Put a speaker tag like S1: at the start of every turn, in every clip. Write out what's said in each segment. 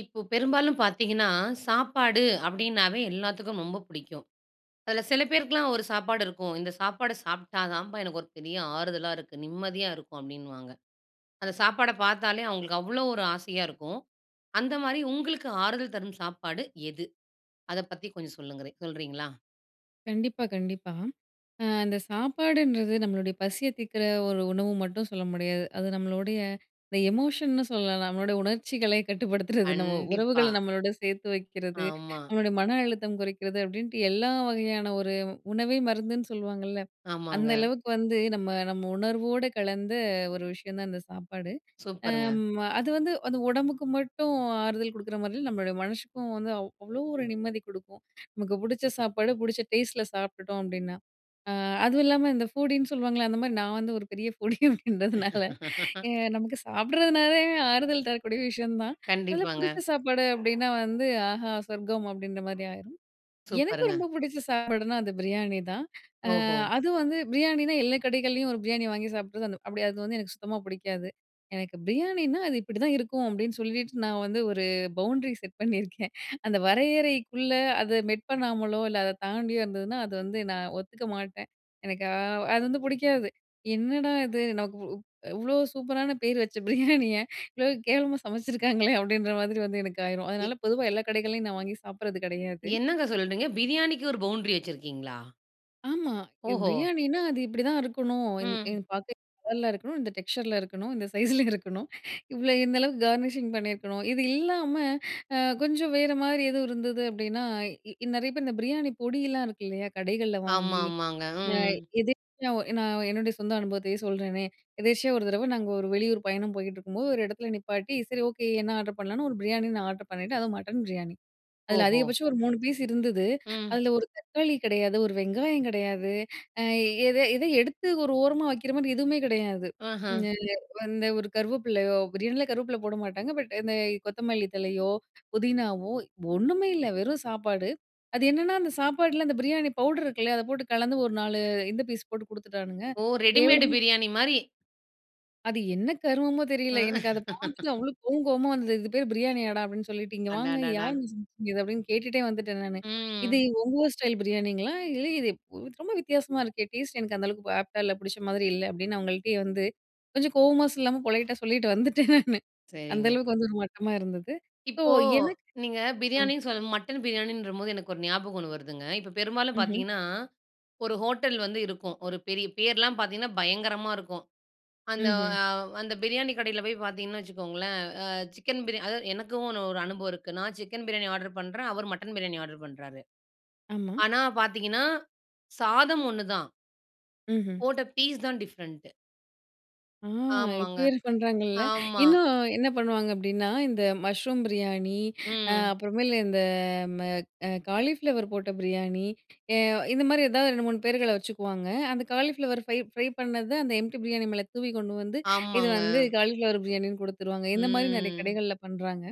S1: இப்ப பெரும்பாலும் பாத்தீங்கன்னா, சாப்பாடு அப்டீன்னாவே எல்லாத்துக்கும் ரொம்ப பிடிக்கும். அதுல சில பேருக்குலாம் ஒரு சாப்பாடு இருக்கும். இந்த சாப்பாட சாப்பிட்டா தாம்பா எனக்கு ஒரு பெரிய ஆறுதலா இருக்கு, நிம்மதியா இருக்கும். அப்டீன்னுவாங்க. அந்த சாப்பாட பாத்தாலே அவங்களுக்கு அவ்வளோவு ஒரு ஆசையா இருக்கும். அந்த மாதிரி உங்களுக்கு ஆறுதல் தரும் சாப்பாடு எது? அத பத்தி கொஞ்சம் சொல்லுங்களே சொல்றீங்களா?
S2: கண்டிப்பா, கண்டிப்பா. ஆ இந்த சாப்பாடுன்றது நம்பளுடைய பசிய தீக்கிற ஒரு உணவு மட்டும் சொல்ல முடியாது. அது நம்பளுடைய இந்த எமோஷன்னு சொல்லலாம். நம்பளோட உணர்ச்சிகளை கட்டுப்படுத்துறது, நம்ப
S1: கண்டிப்பா.
S2: உறவுகள நம்பளோட சேர்த்து வைக்குறது,
S1: ஆமா.
S2: நம்பளோட மன அழுத்தம் குறைக்கிறது. அப்டீன்ட்டு எல்லா வகையான ஒரு உணவே மருந்துன்னு சொல்லுவாங்கல்ல, அந்த
S1: ஆமாங்க.
S2: அளவுக்கு வந்து நம்ப நம்ம உணர்வோட கலந்த ஒரு விஷயம் தான் இந்த சாப்பாடு. அ
S1: சூப்பருங்க.
S2: ம், அது வந்து அது உடம்புக்கு மட்டும் ஆறுதல் கொடுக்குற மாதிரி நம்பளோட மனசுக்கும் வந்து அவ் அவ்வளோ ஒரு நிம்மதி கொடுக்கும். நமக்கு பிடிச்ச சாப்பாடு பிடிச்ச டேஸ்ட்ல சாப்பிட்டுட்டோம் அப்டீன்னா. அ அதுவும் இல்லாம இந்த ஃபூடின்னு சொல்லுவாங்களே! அந்த மாதிரி நான் வந்து ஒரு பெரிய ஃபூடி அப்டீன்றதுனால நமக்கு சாப்பிடுறதுனாலே ஆறுதல் தரக்கூடிய விஷயம் தான். அதில பிடிச்ச
S1: கண்டிப்பாங்க.
S2: சாப்பாடு அப்டீன்னா, வந்து ஆஹா! சொர்க்கம் அப்டீன்ற மாதிரி ஆயிரும். எனக்கு
S1: சூப்பர்‌ங்க.
S2: ரொம்ப பிடிச்ச சாப்பாடுனா, அது பிரியாணி தான். ஆ
S1: ஓஹோ!
S2: அது வந்து பிரியாணினா எல்லா கடைகள்லயும் ஒரு பிரியாணி வாங்கி சாப்பிட்றது அப்படி அது வந்து எனக்கு சுத்தமா பிடிக்காது. எனக்கு பிரியாணினா அது இப்படி தான் இருக்கும். அப்டீன்னு, சொல்லிட்டு நான் வந்து ஒரு பவுண்ட்ரி செட் பண்ணியிருக்கேன். அந்த வரையறைக்குள்ள அத மெட் பண்ணாமலோ இல்ல, அத தாண்டியோ இருந்ததுனா அத வந்து நான் ஒத்துக்க மாட்டேன். எனக்கா அது வந்து புடிக்காது. என்னடா இது நமக்கு இவ் இவ்வளோ சூப்பரான பேர் வச்ச பிரியாணிய இவ்வளோ கேவலமா சமைச்சுருக்காங்களே அப்டீன்ற, மாதிரி வந்து எனக்கு ஆயிரும்.
S1: இ
S2: அதனால பொதுவா எல்லா கடைகள்ளையும் நான் வாங்கி சாப்பிடுறது கிடையாது.
S1: என்னங்க! சொல்கிறீங்க பிரியாணிக்கு ஒரு பவுண்ரி வச்சிருக்கீங்களா?
S2: ஆமா. இவ்
S1: ஓஹோ!
S2: பிரியாணினா, அது இப்பிடிதான் இருக்கணும், இந்
S1: ம்.
S2: இந் பாக்கெட் [unintelligible] இருக்கணும். இந்த டெக்ஸ்சர்ல இருக்கணும். இந்த சைஸ்ல இருக்கணும் இவ்ளோ இந்த அளவுக்கு கார்னிஷிங் பண்ணியிருக்கணும். இது இல்லாம அ கொஞ்சம் வேற மாரி எதுவும் இருந்தது அப்டீன்னா, இ நிறைய பேரு இந்த பிரியாணி பொடி எல்லாம் இருக்கு இல்லயா? கடைகள்ல
S1: ஆமா,
S2: வாங்கி,
S1: ஆமாங்க.
S2: அ
S1: ம்.
S2: எதேச்யா நான் என்னுடைய சொந்த அனுபவத்தையே சொல்றனே, எதேர்ச்சியா 1 தடவ நாங்க 1 வெளியூர் பயணம் போயிட்டுருக்கும்போது, 1 இடத்துல நிப்பாட்டி சரி, ஓகே, என்ன ஆர்ட்ரு பண்ணலான்னு 1 பிரியாணி நான் ஆர்ட்ரு பண்ணிட்டேன். அதுவும் மட்டன் பிரியாணி. அதில
S1: ஓஹோ!
S2: அதிகபட்சம் 1 3 பீஸ் இருந்தது
S1: ம்.
S2: அதில 1 தக்காளி கிடையாது, 1 வெங்காயம் கிடையாது அ எத எத எடுத்து ஒரு ஓரமா வைக்கிறமாரி எதுவுமே கிடையாது.
S1: ஆஹா!
S2: ம் அ வந்து ஒரு கருவப்பிலையோ! பிரியாணில கருவப்பில போடமாட்டாங்க. பட் இந்த கொத்தமல்லி தழையோ புதினாவோ 1மே இல்ல. வெறும் சாப்பாடு, அது என்னன்னா, அந்த சாப்பாட்ல அந்த பிரியாணி பவுட்ரு இருக்குல்லயா? அத போட்டு கலந்து, 1 4 இந்த பீஸ் போட்டு கொடுத்துட்டானுங்க.
S1: ஓ! ரெடிமேடு
S2: கேவலமா
S1: பிரியாணிமாரி.
S2: அது என்ன கருமமோ தெரியல.
S1: அ.
S2: எனக்கு அத பார்த்துட்டு அவ்ளோ கோவம் கோவமா வந்தது. இதுக்கு பேரு பிரியாணியாடா? அப்டீன்னு சொல்லிட்டு இங்க வாங்க
S1: அடடடா!
S2: யாருங்க [unintelligible] இது அப்டீன்னு கேட்டுட்டே வந்துட்டேன் நானு. இது
S1: ம்.
S2: உங்க ஊர் ஸ்டைல் பிரியாணிங்களா? இல்ல இது ரொம்ப வித்தியாசமா இருக்கே? டேஸ்ட் எனக்கு அந்த அளவுக்கு ஆப்டா இல்ல. புடிச்ச மாதிரி இல்ல. அப்பிடின்னு அவுங்கள்ட்டயே வந்து கொஞ்சம் கோவமா சொல்லாம, பொலைட்டா சொல்லிட்டு வந்துட்டேன் நானு அந்த
S1: சரிங்க.
S2: அளவுக்கு வந்து 1 மட்டமா இருந்தது. ஸோ,
S1: இப்போ.
S2: எனக்கு
S1: நீங்க
S2: ஆ.
S1: பிரியாணின்னு சொல்ல மட்டன் பிரியாணின்றம்போது எனக்கு 1 ஞாபகம் 1 வருதுங்க. இப்ப பெரும்பாலும்
S2: ம்ஹ்ம்.
S1: பார்த்தீங்கன்னா, 1 ஹோட்டல் வந்து இருக்கும். 1 பெரிய பேர்லாம் பார்த்தீங்கன்னா, பயங்கரமா இருக்கும். அந்த
S2: ம்ஹ்ம்.
S1: அவ் அந்த பிரியாணி கடையில போய் பார்த்தீங்கன்னு வச்சுக்கோங்களேன், அ சிக்கன் பிரியாணி, அதா எனக்கும் 1 1 அனுபவம் இருக்கு. நான் சிக்கன் பிரியாணி ஆர்ட்ரு பண்றேன், அவரு மட்டன் பிரியாணி ஆர்ட்ரு பண்ணுறாரு.
S2: ஆமா.
S1: ஆனா, பார்த்தீங்கன்னா, சாதம் 1 தான்.
S2: ம், ம்.
S1: போட்ட ஃபீஸ் தான் டிவ்ரெண்டு
S2: ஆ இப்ப
S1: ஆமாங்க.
S2: வேற பண்ணுறாங்கல்ல.
S1: ஆமா.
S2: இன்னும் என்ன பண்ணுவாங்க அப்பிடின்னா, இந்த மஷ்ரூம் பிரியாணி, ஆ
S1: ம்.
S2: அப்புறமேலு இந்த ம அ காலிஃப்ளவர் போட்ட பிரியாணி. அ இந்தமாரி எதாவது 2 3 பேர்கள வச்சுக்குவாங்க, அந்த காலிஃப்ளவர் ஃப்ரை, ஃப்ரை பண்ணது அந்த எம்ப்டி பிரியாணி மேலே தூவி கொண்டு வந்து இது
S1: ஆமாங்க.
S2: வந்து காலிஃப்ளவர் பிரியாணின்னு கொடுத்துருவாங்க. இந்தமாரி நிறைய
S1: ம்
S2: கடைகள்ல பண்றாங்க.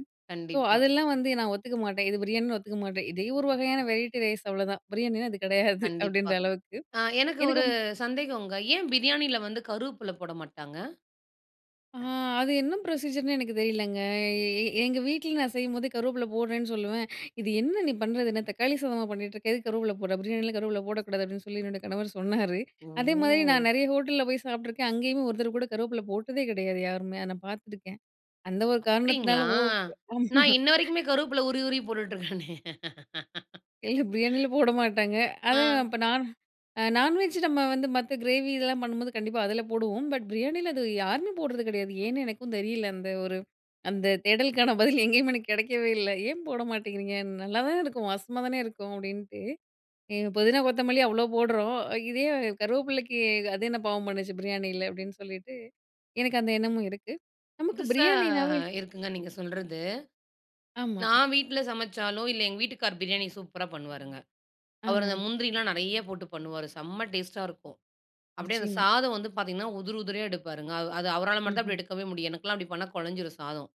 S2: ஸோ,
S1: கண்டிப்பா.
S2: அதெல்லாம் வந்து நான் ஒத்துக்க மாட்டேன். இது பிரியாணின்னு ஒத்துக்க மாட்டேன். இதே 1 வகையான வெரைட்டி ரைஸ் அவ்ளதான். பிரியாணினா அது கிடையாது
S1: கண்டிப்பா.
S2: அப்பிடின்ற அளவுக்கு
S1: அ எனக்கு
S2: எனக்கு
S1: 1 சந்தேகங்க. ஏன் பிரியாணியில வந்து கருவேப்பில போட மாட்டாங்க
S2: ஆ அது என்ன புரொசீஜர் ன்னே எனக்கு தெரியலங்க. எ எ எ எங்க வீட்ல நான் செய்யும்போது கருவேப்பில போடுறேன்னு சொல்லுவேன் இது என்ன நீ பண்ணுறது என்ன தக்காளி சாதமா பண்ணிட்டு இருக்க! எதுக்கு கருவேப்பில போட்ற! பிரியாணிலாம் கருவேப்பில போடக்கூடாது அப்பிடின்னு சொல்லி என்னோட கணவர் சொன்னாரு அதேமாரி நான்
S1: ஓ!
S2: நிறைய ஹோட்டல்ல போய் சாப்பிட்டுருக்கேன், அங்கேயுமே ஒருத்தர் கூட கருவேப்பில போட்டதே கிடையாது யாருமே! நான் பார்த்துருக்கேன். அந்த 1 காரணத்தினால
S1: அப்பிடிங்களா!
S2: ஓ [unintelligible] ஆமா
S1: நான் இன்ன வரைக்குமே கருவேப்பில உருவி. உருவி போட்டுட்டு இருக்கேனே!
S2: இல்ல, பிரியாணில போட மாட்டாங்க அதான்
S1: ஆ.
S2: அப்ப நான் அ நான்வெஜ் நம்ம வந்து மத்த கிரேவி இதெல்லாம் பண்ணும்போது கண்டிப்பா அதுல போடுவோம். பட் பிரியாணில அது யாருமே போடுறது கிடையாது. அது ஏன்னே எனக்கும் தெரியல. அந்த 1 அந்த தேடலுக்கான பதில் எங்கேயும் எனக்கு கிடைக்கவே இல்ல ஏன் போட மாட்டேங்கிறீங்க? நல்லா தான இருக்கும் வாசமா தானே இருக்கும்! அப்பிடின்ட்டு. [unintelligible] புதினா, கொத்தமல்லி அவ்ளோ போட்றோம். அ இதே கருவேப்பிலைக்கு அது என்ன பாவம் பண்ணுச்சு? பிரியாணில அப்பிடின்னு சொல்லிட்டு எனக்கு அந்த எண்ணமும் இருக்கு. நமக்கு
S1: புதுசா
S2: பிரியாணினாவே
S1: இருக்குங்க. நீங்க சொல்றது.
S2: ஆமா.
S1: நான் வீட்ல சமச்சாலோ! இல்ல எங்கள் வீட்டுக்காரு பிரியாணி சூப்பரா பண்ணுவாருங்க. அவரு
S2: ஆஹா.
S1: அந்த முந்திரிலாம் நிறைய போட்டு பண்ணுவாரு. செம்ம டேஸ்டா இருக்கும். அப்பிடியே அந்த
S2: நிச்சயமா.
S1: சாதம் வந்து பார்த்தீங்கன்னா, உதிரி, உதிரியா எடுப்பாருங்க. அது அவரால மட்டுந்தான்
S2: ம்ஹ்ம்.
S1: அப்பிடி எடுக்கவே முடியும். எனக்குல்லாம் அப்பிடி பண்ணா, குழஞ்சிரும் சாதம்.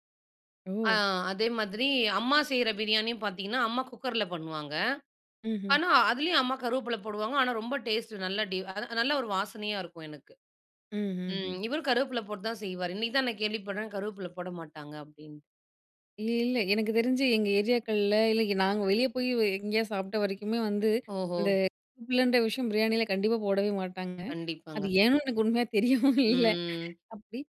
S1: ஆ
S2: ஓ!
S1: அதே மாதிரி அம்மா செய்ற பிரியாணியும் பார்த்தீங்கன்னா, அம்மா குக்கர் ல பண்ணுவாங்க.
S2: ம்ஹ்ம்.
S1: ஆனா அதிலேயும் அம்மா கருவேப்பில போடுவாங்க. ஆனா, ரொம்ப டேஸ்ட்டு, நல்லா டி அத நல்ல 1 வாசனையா இருக்கும் எனக்கு.
S2: ம், ம்,
S1: ம்
S2: ம்.
S1: இவரும் கருவேப்பில போட்டு தான் செய்வாரு. இன்னக்கி தான் நான் கேள்விப்பட்றேன், கருவேப்பில போட மாட்டாங்க அப்பிடின்னு.
S2: இல்ல, இல்ல. எனக்கு தெரிஞ்சு எங்க ஏரியாக்கள்ல இல்ல நாங்க வெளியே போய் எ எங்கேயாவது சாப்ட வரைக்குமே வந்து
S1: ஓஹோ!
S2: இந்த [unintelligible] லன்ற விஷயம் பிரியாணியில கண்டிப்பா போடவே மாட்டாங்க. அது
S1: கண்டிப்பாங்க.
S2: ஏன்னு எனக்கு உண்மையா தெரியவும் இல்ல
S1: ம்
S2: அப்பிடி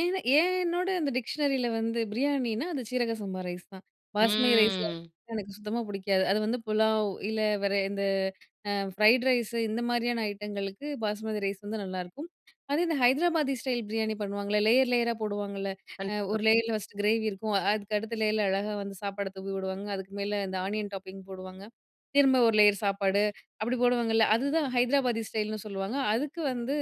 S2: ஏன ஏன்னோட அந்த டிக்ஷனரி யில வந்து பிரியாணினா அது சீரக சம்பா ரைஸ் தான். பாஸ்மதி ரைஸ் [unintelligible]
S1: ம்.
S2: எனக்கு சுத்தமா பிடிக்காது. அது வந்து புலாவ் இல்ல வேற இந்த அ ஃப்ரைட் ரைஸ், இந்த மாதிரியான ஐட்டங்களுக்கு பாஸ்மதி ரைஸ் வந்து நல்லாயிருக்கும். அதே தான் ஹைதராபாதி ஸ்டைல் பிரியாணி பண்ணுவாங்கல்ல, லேயர் லேயரா ஆ போடுவாங்கல்ல
S1: கண்டிப்பாங்க.
S2: 1 லேயர்ல ஃபஸ்ட்டு கிரேவி இருக்கும், அ, அதுக்கு அடுத்த லேயர்ல அழகா வந்து சாப்பாடு தூவி விடுவாங்க, அதுக்கு மேல இந்த ஆனியன் டாப்பிங் போடுவாங்க, திரும்ப 1 லேயர் சாப்பாடு அப்பி டி போடுவாங்கல்ல, அதுதான் ஹைதராபாதி ஸ்டைல்ன்னு சொல்லுவாங்க. அதுக்கு வந்து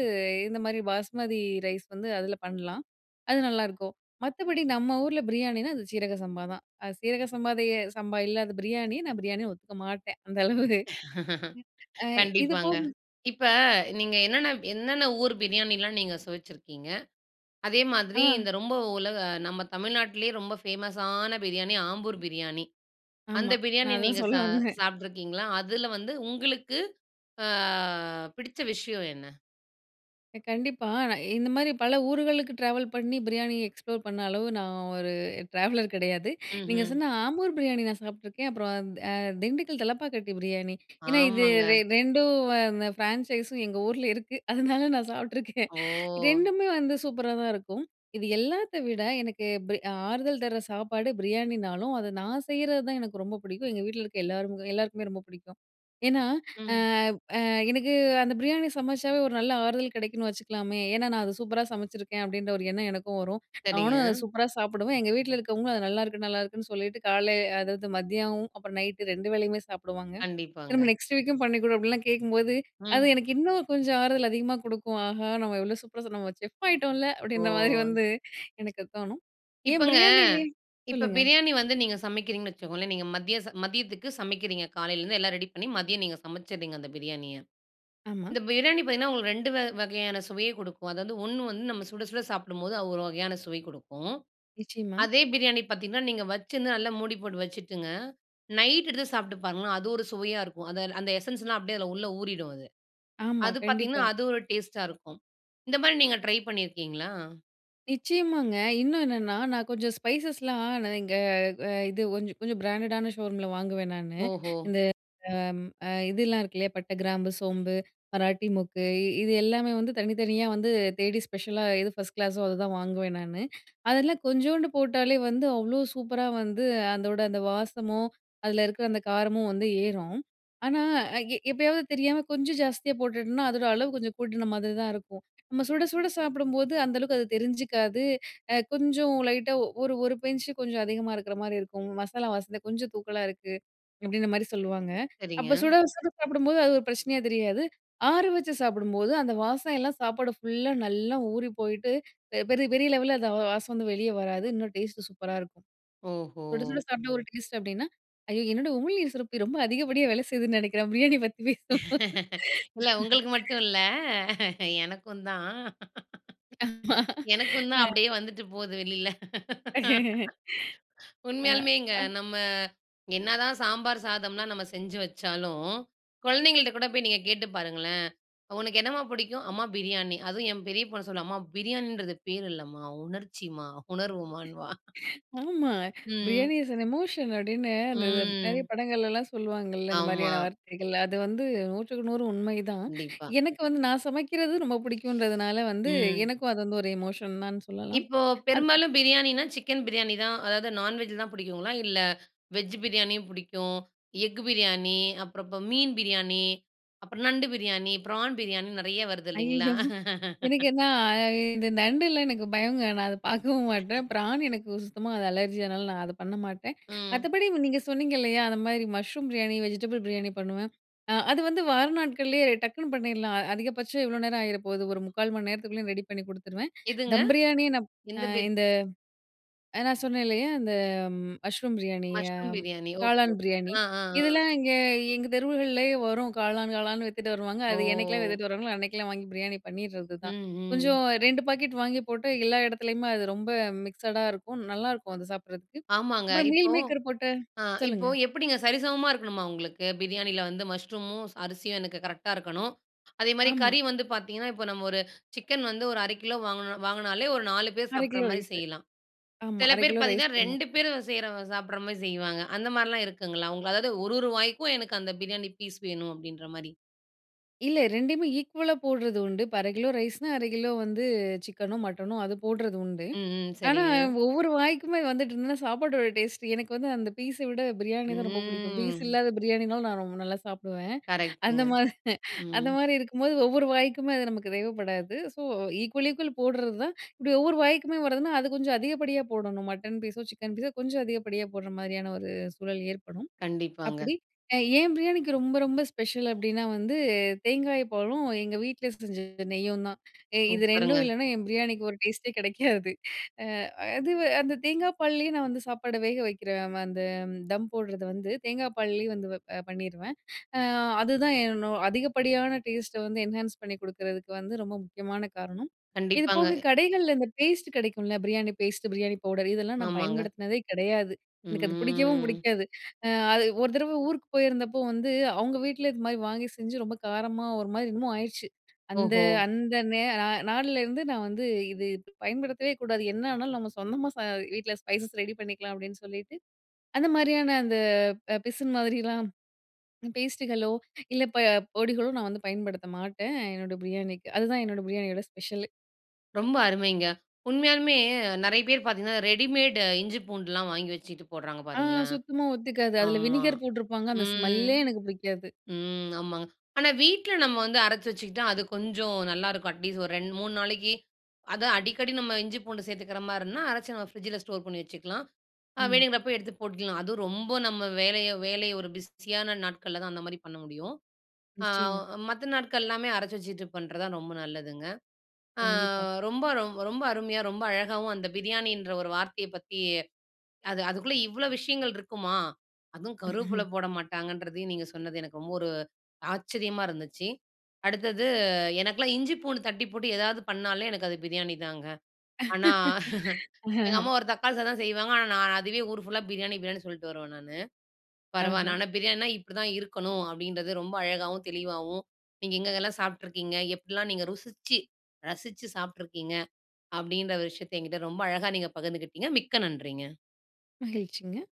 S2: இந்த மாதிரி பாஸ்மதி ரைஸ் வந்து அதுல பண்ணலாம். அது நல்லாயிருக்கும். மத்தபடி நம்ம ஊர்ல பிரியாணினா அது சீரக சம்பா தான். அது சீரக சம்பாதேய சம்பா இல்லாத பிரியாணிய நான் பிரியாணின்னு ஒத்துக்க மாட்டேன். அந்த அளவு [unintelligible] அ இது
S1: கண்டிப்பாங்க.
S2: போகு
S1: இப்ப நீங்க என்னென்ன என்னென்ன ஊர் பிரியாணிலாம் நீங்க சுவச்சிருக்கீங்க. அதே மாதிரி
S2: ஆ.
S1: இந்த ரொம்ப உலக நம்ம தமிழ்நாட்லேயே ரொம்ப ஃபேமஸான பிரியாணி ஆம்பூர் பிரியாணி. அந்த
S2: ஆமா. நான்
S1: பிரியாணி
S2: அதான்
S1: நீங்க
S2: சொல்ல
S1: சா
S2: வந்தேன்
S1: சாப்ட்டுருக்கீங்களா? அதில வந்து உங்களுக்கு அ பிடிச்ச விஷயம் என்ன?
S2: அ கண்டிப்பா. நான் இந்தமாரி பல ஊர்களுக்கு ட்ராவல் பண்ணி பிரியாணி எக்ஸ்ப்ளோர் பண்ண அளவு நான் ஒரு ட்ராவலர் கிடையாது. நீங்க
S1: ம்ஹ்ம்.
S2: சொன்ன ஆம்பூர் பிரியாணி நான் சாப்பிட்டுருக்கேன். அப்புறம் அந் அ திண்டுக்கல் தலப்பாக்கட்டி பிரியாணி. ஏனா, இது ரெ
S1: ஆமாங்க.
S2: ரெண்டும் அந்த ஃப்ரான்சைஸும் எங்க ஊர்ல இருக்கு. அதனால நான் சாப்பிட்டுருக்கேன்.
S1: ஓ!
S2: ரெண்டுமே வந்து சூப்பரா தான் இருக்கும். இது எல்லாத்த விட, எனக்கு பி ஆறுதல் தர்ற சாப்பாடு பிரியாணினாலும், அத நான் செய்றது தான் எனக்கு ரொம்ப பிடிக்கும். எங்க வீட்ல இருக்க எல்லாரு எல்லாருக்குமே ரொம்ப பிடிக்கும். ஏனா, அ,
S1: ம்.
S2: அ எனக்கு அந்த பிரியாணி சமைச்சாவே ஒரு நல்ல ஆறுதல் கிடைக்குன்னு வச்சுக்கலாமே! ஏனா, நான் அத நான் சூப்பரா சமைச்சிருக்கேன் அப்டின்ற ஒரு எண்ணம் எனக்கும் வரும். நானும் அத
S1: சரிங்க.
S2: சூப்பரா சாப்பிடுவேன். எங்க வீட்ல இருக்கிறவங்களும் அது நல்லாருக்கு, நல்லாயருக்குன்னு சொல்லிட்டு கால்லே அதாவது மதியம் அப்புறம் நைட்‌டு 2 வேளையுமே சாப்பிடுவாங்க.
S1: கண்டிப்பாங்க.
S2: திரும்ப நெக்ஸ்ட் வீக்கும் பண்ணி கொடு அப்பிடில்லாம் கேட்கும்போது, அது
S1: ம்.
S2: எனக்கு இன்னும் கொஞ்சம் ஆறுதல் அதிகமா குடுக்கும். ஆஹா! நம்ம இவ்ளோ சூப்பரா [unintelligible] நம்ம செஃப் ஆகிட்டோன்ல அப்டின்றமாரி
S1: ஓ!
S2: வந்து எனக்கு தோணும். ஏன்
S1: இப்பங்க.
S2: பிரியாணிலே
S1: இப்ப
S2: சொல்லுங்க.
S1: பிரியாணி வந்து நீங்க சமைக்கிறீங்கன்னு வச்சுக்கோங்களேன்! நீங்க மத்தியச மதியத்துக்கு சமைக்கிறீங்க! காலையிலேருந்து எல்லாம் ரெடி பண்ணி மதியம் நீங்க சமைச்சிறீங்க அந்த பிரியாணிய.
S2: ஆமா.
S1: இந்த பிரியாணி பார்த்தீங்கன்னா, உங்களுக்கு 2 வ வகையான சுவையே குடுக்கும். அதாவது 1 வந்து நம்ம சுட சுட சாப்பிடும்போது அது ஒரு வகையான சுவை கொடுக்கும்.
S2: நிச்சயமா.
S1: அதே பிரியாணி பார்த்தீங்கன்னா, நீங்க வச்சிருந்து நல்லா மூடி போட்டு வச்சுட்டுங்க, நைட் எடுத்து சாப்பிட்டு பாருங்களேன்! அது ஒரு சுவையா இருக்கும். அத அந்த எசென்ஸ்லாம் அப்டியே அதுல உள்ள ஊறிடும் அது.
S2: ஆமா.
S1: அது பார்த்தீங்கன்னா,
S2: கண்டிப்பா.
S1: அது ஒரு டேஸ்ட்டா இருக்கும். இந்த மாரி நீங்க ட்ரை பண்ணியிருக்கீங்களா?
S2: நிச்சயமாங்க. இன்னும் என்னன்னா நான் கொஞ்சம் ஸ்பைசஸ்லாம் நான் இங்க அ இது கொஞ்ச கொஞ்சம் பிராண்டடான ஷோரூம்ல வாங்குவேன், நானு.
S1: ஓஹோ!
S2: இந்த அ ம் அ இதெல்லாம் இருக்கு, இல்லையா. பட்ட, கிராம்பு, சோம்பு, மராட்டி மொக்கு. இ இது எல்லாமே வந்து தனித்தனியா வந்து, தேடி ஸ்பெஷலா, எது ஃபர்ஸ்ட் கிளாஸோ அதுதான் வாங்குவேன், நானு. அதெல்லாம் கொஞ்சூண்டு போட்டாலே வந்து, அவ்வளோ சூப்பரா வந்து, அந்தோட அந்த வாசமும், அதுல இருக்கற அந்த காரமும் வந்து ஏறும். ஆனா, எ எப்யாவது தெரியாம, கொஞ்சம் ஜாஸ்தியா போட்டுட்டன்னா, அதோட அளவு கொஞ்சம் கூட்டுன மாதிரி தான் இருக்கும். நம்ம சுட சுட சாப்படும்போது, அந்த அளவுக்கு அது தெரிஞ்சுக்காது அ கொஞ்சம் லைட்டா ஒரு ஒரு பிஞ்ச்சு கொஞ்சம் அதிகமா இருக்குற மாரி இருக்கும். "மசாலா வாசன கொஞ்சம் தூக்கலா இருக்கு" அப்பிடீங்ற மாரி சொல்லுவாங்க.
S1: சரிங்க.
S2: அப்ப சுட சுட சாப்பிடும்போது, அது ஒரு பிரச்சனையா தெரியாது. ஆற வச்சு சாப்பிடும்போது, அந்த வாசம் எல்லாம் சாப்பாடு ஃபுல்லா நல்லா ஊறிபோயிட்டு, பெ பெரிய பெரிய லெவல்ல, அந்த வா வாசம் வந்து, வெளிய வராது. இன்னும் டேஸ்ட்டு சூப்பரா இருக்கும்.
S1: ஓஹோ
S2: சுட சுட சாப்பிட்டா ஒரு டேஸ்டு. அப்பிடீன்னா ஐய என்னோட உமிழ்நீர் சுரப்பி ரொம்ப அதிகப்படியா வேலை செய்யுதுன்னு நினைக்கிறேன் பிரியாணி பத்தி பேசுவும்
S1: இல்ல. உங்களுக்கு மட்டும் இல்ல. எனக்குந்தான்
S2: ஆமா.
S1: எனக்கும் தான்
S2: அ.
S1: அப்பிடீயே வந்துட்டு போகுது வெளில
S2: ஆ.
S1: உண்மையாலுமேங்க
S2: அ.
S1: நம்ம என்னதான் சாம்பார் சாதம்லாம் நம்ம செஞ்சு வச்சாலும் குழந்தைங்கள்ட்ட கூட போய், நீங்க கேட்டு பாருங்களேன். "உனக்கு என்னம்மா பிடிக்கும்?" "அம்மா, பிரியாணி" அதுவும் என் பெரிய பொண்ணு சொல்லுவா, "அம்மா பிரியாணின்றது பேர் இல்லம்மா. உணர்ச்சிமா" உணர்வுமான்னுவா.
S2: ஆமா.
S1: ம்.
S2: "பிரியாணி இஸ் ஏன் எமோஷன்" அப்பிடீன்னு, அந்த த நெறைய
S1: ம்.
S2: படங்கள்லலாம், சொல்லுவாங்கல்ல இந்த
S1: ஆமா.
S2: மாதிரியான வார்த்தைகள். அது வந்து நூற்றுக்கு நூறு உண்மை தான்.
S1: கண்டிப்பா.
S2: எனக்கு வந்து, நான் சமைக்கிறது ரொம்ப பிடிக்குன்றதுனால வந்து,
S1: ம்.
S2: எனக்கும் அது வந்து ஒரு எமோஷன் தான்னு சொல்லலாம்.
S1: இப்போ
S2: அது
S1: பெரும்பாலும் பிரியாணினா, சிக்கன் பிரியாணி தான். அதாவது நான்வெஜ் தான் புடிக்குங்களா? இல்ல, வெஜ் பிரியாணியும் புடிக்கும். எக் பிரியாணி, அப்புறம் அப்ப மீன் பிரியாணி. அப்புறம் நண்டு பிரியாணி, பிரான் பிரியாணி. நெறைய வருது, இல்லைங்களா?
S2: ஐயயோ! எனக்கு என்னா அ இ இந்த நண்டுல்லா எனக்கு பயங்க. நான் அத பார்க்கவும் மாட்டேன். பிரான் எனக்கு ஒ சுத்தமா அது அலர்ஜி அதுனால நான் அதை பண்ண மாட்டேன்.
S1: ம்.
S2: மத்தபடி நீங்க சொன்னீங்க இல்லையா. அந்த மாரி மஷ்ரூம் பிரியாணி, வெஜிடபிள் பிரியாணி பண்ணுவேன். அ அது வந்து வார நாட்கள்லேயே டக்குனு பண்ணிறலாம். அ அதிகபட்சம் எவ்வளோ நேரம் ஆகிற போகுது? ஒரு 3/4 மணி நேரத்துக்குள்ளேயும் ரெடி பண்ணி குடுத்துருவேன்.
S1: எதுங்க?
S2: தம் பிரியாணிய நான் அ
S1: எந்த பேரு?
S2: இந்த நான் சொன்னேன்லையா, இந்த மஷ்ரூம் பிரியாணிய,
S1: மஷ்ரூம் பிரியாணி. ஓகே,
S2: காளான்
S1: ஓகே,
S2: பிரியாணி
S1: அ
S2: இதெல்லாம் இங்க எங்க தெருவுகள்லயே வரும். காளான் காளான் வித்துட்டு வருவாங்க. அது என்னைக்கலாம்
S1: ஓ
S2: வித்துட்டு வருவாங்களோ? அன்னைக்கெல்லாம் வாங்கி, பிரியாணி பண்ணிடுறது தான்.
S1: ம்ஹ்ம்.
S2: கொஞ்சம் 2 பாக்கெட் வாங்கி போட்டு, எல்லா இடத்துலயுமே அது ரொம்ப மிக்சடா இருக்கும். நல்லாருக்கும். அது சாப்பிடுறதுக்கு.
S1: ஆமாங்க.
S2: அப்புறம் மீல்
S1: இப்போ
S2: மேக்கர் போட்டு.
S1: அ இப்போ
S2: சொல்லுங்க.
S1: எப்டீங்க? சரிசமமா இருக்கணுமா, உங்களுக்கு? பிரியாணில வந்து மஷ்ரூமும், அரிசியும் எனக்கு கரெக்ட்டா இருக்கணும். அதேமாரி,
S2: ஆமா.
S1: கறி வந்து பார்த்தீங்கன்னா, இப்ப நம்ம ஒரு சிக்கன் வந்து 1/2 கிலோ வாங்கினோ வாங்கினாலே, ஒரு 4 பேரு
S2: 1/2
S1: சாப்பிடுற
S2: கிலோ
S1: மாரி
S2: ரைஸு.
S1: செய்யலாம்.
S2: ஆமா,
S1: சில
S2: 1/2
S1: பேரு
S2: கிலோ ரைஸ்
S1: பார்த்தீங்கன்னா,
S2: போடணும்.
S1: 2 பேரு செய்ற சாப்பிடுற மாரி செய்வாங்க. அந்த மாரிலாம் இருக்குங்களா? உங்களால, அதாவது ஒரொரு வாய்க்கும், எனக்கு அந்த பிரியாணி பீஸ் வேணும். அப்பிடீன்ற மாரி.
S2: இல்ல ரெண்டையுமே ஈக்குவலா போடுறது உண்டு. இப்ப 1/2 கிலோ ரைஸ்ன்னா, 1/2 கிலோ வந்து சிக்கனோ, மட்டனோ அது போடுறது உண்டு.
S1: ம், ம்.
S2: ஆனா,
S1: சரிங்க.
S2: ஒவ்வொரு வாய்க்குமே வந்துட்டு இருந்ததுன்னா, சாப்பாடோட டேஸ்ட்டு எனக்கு வந்து அந்த பீஸ விட பிரியாணி தான் ரொம்ப பிடிக்கும். பீஸ்
S1: ம்.
S2: இல்லாத பிரியாணினாலும் நான் ரொம்ப நல்லா சாப்பிடுவேன்.
S1: கரெக்ட்‌டுங்க.
S2: அந்தமா
S1: ம்.
S2: அந்தமாரி இருக்கும்போது ஒவ்வொரு வாய்க்குமே அது நமக்கு தேவைப்படாது. ஸோ, ஈக்குவல், ஈக்குவல் போட்றதுதான். இப்பிடி ஒவ்வொரு வாய்க்குமே வருதுனா, அது கொஞ்சம் அதிகப்படியா போடணும், மட்டன் பீஸோ, சிக்கன் பீஸோ கொஞ்சம் அதிகப்படியா போட்றமாரியான ஒரு சூழல் ஏற்படும்.
S1: கண்டிப்பாங்க.
S2: அப்பிடி ஏ என் பிரியாணிக்கு ரொம்ப ரொம்ப ஸ்பெஷல் அப்பிடின்னா வந்து தேங்காய் பாலும், எங்க வீட்ல செஞ்ச நெய்யும் தான். எ இது ரெண்டும்
S1: சூப்பருங்க.
S2: இல்லன்னா, என் பிரியாணிக்கு ஒரு டேஸ்ட்டே கிடைக்காது. அ அதுவு அந்த தேங்கா பால்லேயே நான் வந்து சாப்பாட வேக வைக்கிற ம அந்த தம் போடுறத வந்து தேங்காய் பால்லயே வந்து வப் அ பண்ணிருவேன். அ அதுதான் என்னோ அதிகப்படியான டேஸ்ட்ட வந்து என்ஹான்ஸ் பண்ணி கொடுக்குறதுக்கு வந்து ரொம்ப முக்கியமான காரணம்.
S1: கண்டிப்பாங்க.
S2: இதுபோக கடைகள்ல இந்த பேஸ்ட்டு கிடைக்கும்ல. பிரியாணி பேஸ்ட்டு, பிரியாணி பவுடர் இதெல்லாம் நான்
S1: ஆமாங்க.
S2: பயன்படுத்தினதே கிடையாது. எனக்கு அது பிடிக்கவும்
S1: ம்.
S2: பிடிக்காது. அ அது ஒரு தடவ ஊருக்கு போயிருந்தப்போ வந்து அவுங்க வீட்ல இதுமாதிரி வாங்கி செஞ்சு ரொம்ப காரமா ஒருமாரி என்னமோ ஆயிருச்சு. அந்த
S1: ஓஹோ!
S2: அந்த நே நா நாள்லருந்து, நான் வந்து, "இது பயன்படுத்தவே கூடாது. என்ன ஆனாலும் நம்ம சொந்தமா ச வீட்ல ஸ்பைசஸ் ரெடி பண்ணிக்கலாம்" அப்பிடின்னு சொல்லிட்டு, அந்தமாரியான அந்த அ பிசின் மாதிரிலாம் பேஸ்ட்டுகளோ, இல்ல இப்ப பொடிகளோ, நான் வந்து பயன்படுத்த மாட்டேன், என்னோட பிரியாணிக்கு. அதுதான் என்னோட பிரியாணியோட ஸ்பெஷலு.
S1: ரொம்ப அருமைங்க. உண்மையாலுமே நெறைய பேர் பாத்தீங்கன்னா ரெடிமேட் இஞ்சி பூண்டுலாம் வாங்கி வெச்சுக்கிட்டு போடுறாங்க
S2: ஆ
S1: பாருங்களேன்.
S2: சுத்தமா ஒத்துக்காது. அதில
S1: ஆமா.
S2: வினிகர் போட்டிருப்பாங்க அந்த
S1: ம்.
S2: ஸ்மெல்லே எனக்கு பிடிக்காது.
S1: ம், ஆமாங்க. ஆனா வீட்ல நம்ம வந்து அரச்சு வெச்சுக்கிட்டா அது கொஞ்சம் நல்லா இருக்கும். அட்லீஸ்ட் ஒரு 2 3 நாளைக்கி, அதும் அடிக்கடி நம்ம இஞ்சி பூண்டு சேர்த்துக்கிற மாரினா, அரச்சு நம்ம பிரிட்ஜ்ல ஸ்டோர் பண்ணி வெச்சுக்கலாம். அ
S2: ஆமா.
S1: வேணுங்கறப்ப எடுத்து போட்டுக்கலாம். அதும் ரொம்ப நம்ம வேலைய, வேலைய ஒரு பிஸியான நாட்கள்ல தான் அந்த மாரி பண்ண முடியும். அ
S2: நிச்சயமா.
S1: மத்த நாட்கள் எல்லாமே அரச்சு வெச்சுக்கிட்டு பன்றதான் ரொம்ப நல்லதுங்க. அ
S2: கண்டிப்பா.
S1: ரொம்ப ரொம்ப அருமையா ரொம்ப அழகாவும் அந்த பிரியாணின்ற ஒரு வார்த்தையை பத்தி, அது அதுக்குள்ள இவ்வளவு விஷயங்கள் இருக்குமா? அதுவும் கருவேப்பில போட மாட்டாங்கன்றதையும் நீங்க சொன்னது எனக்கு ரொம்ப ஒரு ஆச்சரியமா இருந்துச்சு அடுத்தது எனக்கெல்லாம் இஞ்சி பூண்டு தட்டி போட்டு ஏதாவது பண்ணாலே எனக்கு அது பிரியாணி தாங்க. ஆனா எங்க அம்மா ஒரு தக்காளி சாதம் செய்வாங்க ஆனா நான் அதுவே ஊர் ஃபுல்லா பிரியாணி பிரியாணின்னு சொல்ட்டு வருவேன் நானு. பரவால்ல.
S2: ஆஹா!
S1: ஆனா பிரியாணின்னா இப்பிடித்தான் இருக்கணும், அப்பிடின்றத ரொம்ப அழகாவும், தெளிவாவும் நீங்க எங்கெல்லாம் சாப்ட்டுருக்கீங்க, எப்பிடிலாம் நீங்க ருசிச்சு, ரசிச்சு, சாப்ட்டுருக்கீங்க, அப்பிடின்ற ஒரு விஷயத்த என்கிட்ட ரொம்ப அழகா நீங்க பகிர்ந்துக்கிட்டீங்க. மிக்க நன்றிங்க.
S2: மகிழ்ச்சிங்க.